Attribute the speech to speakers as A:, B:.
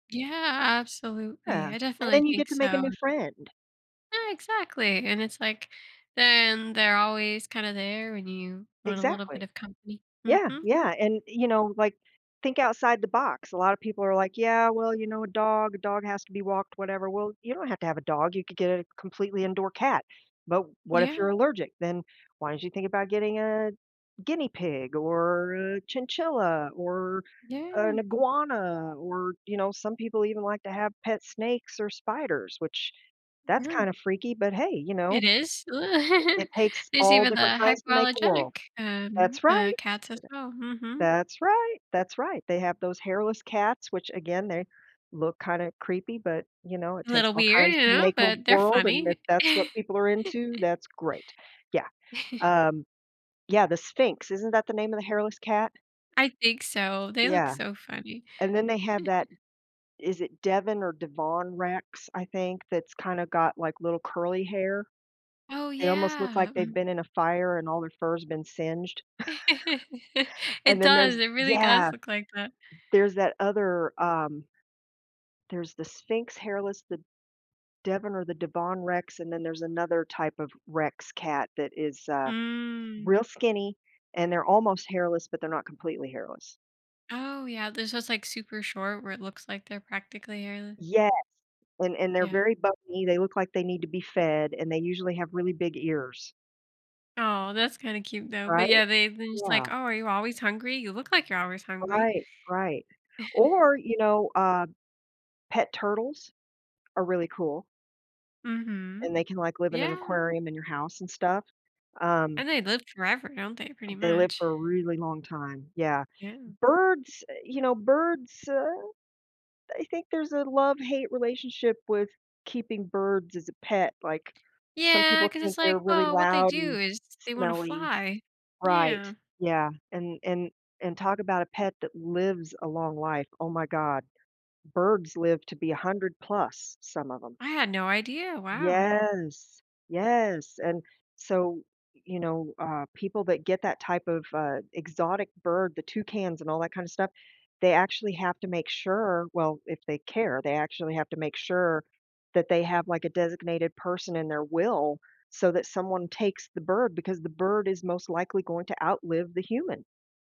A: Yeah,
B: Yeah,
A: absolutely, I
B: and
A: definitely
B: then you get
A: think
B: to make a
A: so.
B: new friend.
A: Ah, exactly, and it's like then they're always kinda there when you want a little bit
B: Exactly.
A: of company,
B: Yeah,
A: mhm.
B: yeah, and you know, like, think outside the box, a lotta people are like, "Yeah, well you know, a dog, a dog has to be walked, whatever." Well you don't have to have a dog, you could get a completely indoor cat, but what if you're
A: Yeah.
B: allergic, then why don't you think about getting a guinea pig, or a chinchilla, or an
A: Yeah.
B: iguana, or you know, some people even like to have pet snakes or spiders, which that's
A: Yeah.
B: kinda freaky, but hey, you know,
A: It is?
B: it it takes
A: There's
B: all
A: even
B: different
A: the
B: kinds to make a world.
A: hypoallergenic, um,
B: That's
A: uh,
B: right.
A: cats as well, mhm.
B: That's right, that's right, they have those hairless cats, which again, they look kinda creepy, but, you know, it
A: A
B: takes
A: little
B: all
A: weird,
B: kinds to
A: y’know,
B: make a
A: but they're
B: world, and if
A: funny.
B: that's what people are into, that's great, yeah, um Yeah, the Sphinx, isn't that the name of the hairless cat?
A: I think so, they look
B: Yeah,
A: so funny.
B: and then they have that is it Devon or Devon Rex, I think, that's kinda got like little curly hair?
A: Oh,
B: They almost look
A: yeah,
B: like they've
A: m
B: been in a fire and all their fur has been singed,
A: It
B: and then
A: does,
B: there's
A: it really
B: yeah,
A: does look like that.
B: there's that other, um there's the Sphinx hairless, the Devon or the Devon Rex, and then there's another type of Rex cat that is, uh,
A: Mm.
B: real skinny, and they're almost hairless, but they're not completely hairless.
A: Oh, yeah, there’s those, like, super short where it looks like they're practically hairle
B: Yes, and and they're
A: Yeah.
B: very bumpy, they look like they need to be fed and they usually have really big ears.
A: Aw, that's kinda cute though, but yeah,
B: Right?
A: they've been just like,
B: Yeah.
A: "Oh, are you always hungry? You look like you're always hungry."
B: Right, right, or you know, uh, pet turtles are really cool. And
A: Mhm.
B: they can like live in an
A: Yeah.
B: aquarium in your house and stuff, um
A: And they live forever, don't they, pretty
B: they live
A: much?
B: for a really long time, yeah.
A: Yeah.
B: Birds, eh, you know, birds, uh, I think there's a love-hate relationship with keeping birds as a pet, like some
A: Yeah,
B: people
A: 'cause
B: think
A: it's
B: they're
A: like,
B: really
A: well, what they
B: loud and
A: do is they wanna
B: smelly.
A: fly,
B: Right,
A: yeah.
B: yeah, and and and talk about a pet that lives a long life, oh my god, birds live to be 100 plus, some of ‘em.
A: I had no idea, wow.
B: Yes, yes, and so, y you know, uh, people that get that type of, uh, exotic bird, the toucans and all that kinda stuff, they actually have to make sure, well, if they care, they actually have to make sure that they have, like, a designated person in their will so that someone takes the bird because the bird is most likely going to outlive the human.